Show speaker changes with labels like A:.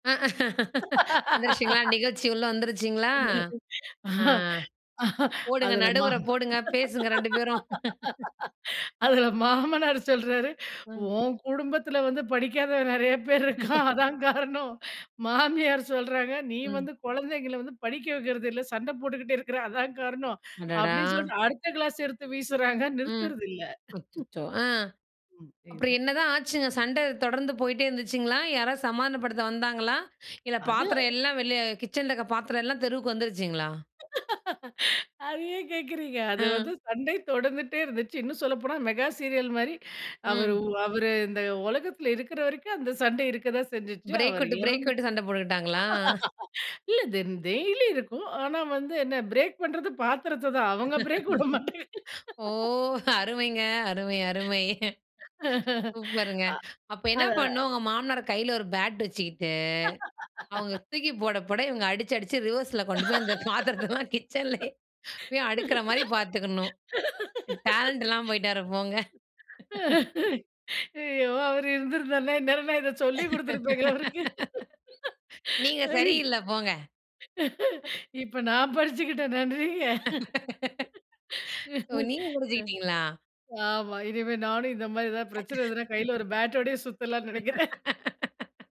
A: வந்துருச்சிங்களா, நிகழ்ச்சி உள்ள வந்துருச்சிங்களா?
B: அ
A: ஆ.
B: அ
A: போடுங்க
B: அதுல மா
A: நடுவர போடுங்க, பேசுங்க 2 பேரும்.
B: அதுல மாமனாரு சொல்றாரு,
A: ம்.
B: "உன் குடும்பத்துல வந்து படிக்காதவன் நிறைய பேர் இருக்கான், அதான் காரணம்." மாமியார் சொல்றாங்க "நீ
A: ம்.
B: வந்து குழந்தைகள வந்து படிக்க வைக்கிறதில்ல. சண்ட போட்டுக்கிட்டு இருக்குற அதான் காரணம்."
A: அடடா.
B: அப்படின்னு சொல்லி அடுத்த கிளாஸ் எடுத்து வீசுராங்க
A: ம்.
B: நிறுத்துறதில்ல.
A: அச்சச்சோ! ஆ.
B: ம்.
A: அப்புறம்
B: புரியுது.
A: என்னதான் ஆச்சுங்க, சண்ட தொடர்ந்து போயிட்டே இருந்துச்சுங்களா? யாராவது சமாதானப்படுத்த வந்தாங்களா? இல்ல
B: அது.
A: பாத்திரம் எல்லா வெளிய கிச்சன்ல இருக்குற பாத்திரம்லாம் தெருவுக்கு வந்துருச்சுங்களா?
B: அத ஏன் கேக்குறீங்க அது
A: அ.
B: வந்து சண்டை தொடர்ந்துட்டே இருந்தச்சு. இன்னும் சொல்லப்போனா மெகா சீரியல் மாரி அவர்
A: ம்.
B: அவரு இந்த உலகத்துல இருக்கிற வரைக்கும், அந்த சண்டை இருக்க தான் செஞ்சுச்சு.
A: பிரேக்
B: அவர்
A: விட்டு, பிரேக்
B: இறந்தா
A: விட்டு சண்ட போட்டுக்கிட்டாங்களா?
B: இல்ல தென் டெய்லி இருக்கும். ஆனா வந்து என்ன பிரேக் பண்ணுறது பாத்திரத்த தான். அவங்க பிரேக் விட மாட்டங்க.
A: ஓ, அருமைங்க. அருமை, அருமை.
B: அ.
A: சூப்பருங்க! அப்ப என்ன
B: அதா
A: பண்ணணும் உங்க மாமனாரா கையில ஒரு பேட் வச்சுக்கிட்டு அவங்க தூக்கி போட, போட இவங்க அடிச்சு, அடிச்சு ரிவர்ஸ்ல கொண்டு போய். அந்த பாத்திரத்தலாம் கிச்சன்லேயே போய் அடுக்குற மாரி பார்த்துக்கணும். டேலண்ட் இல்லாம போய்ட்டாரு போங்க.
B: ஐயோ! அவரு இருந்திருந்தாருனா இந்நேரம் நான் இத சொல்லி கொடுத்துருப்பேங்க அவருக்கு.
A: நீங்க
B: ஐ
A: சரியில்ல போங்க.
B: இப்ப நான் படிச்சுக்கிட்டேன் நன்றிங்க.
A: ஓ,
B: அ.
A: நீங்க புடிச்சுகிட்டீங்களா?
B: ஆமா. இனிமே நானும் இந்த மாரி ஏதாவது பிரச்சன வந்ததுனா, கையில ஒரு பேட்டோடவே சுத்தலான்னு நினைக்கிறேன்.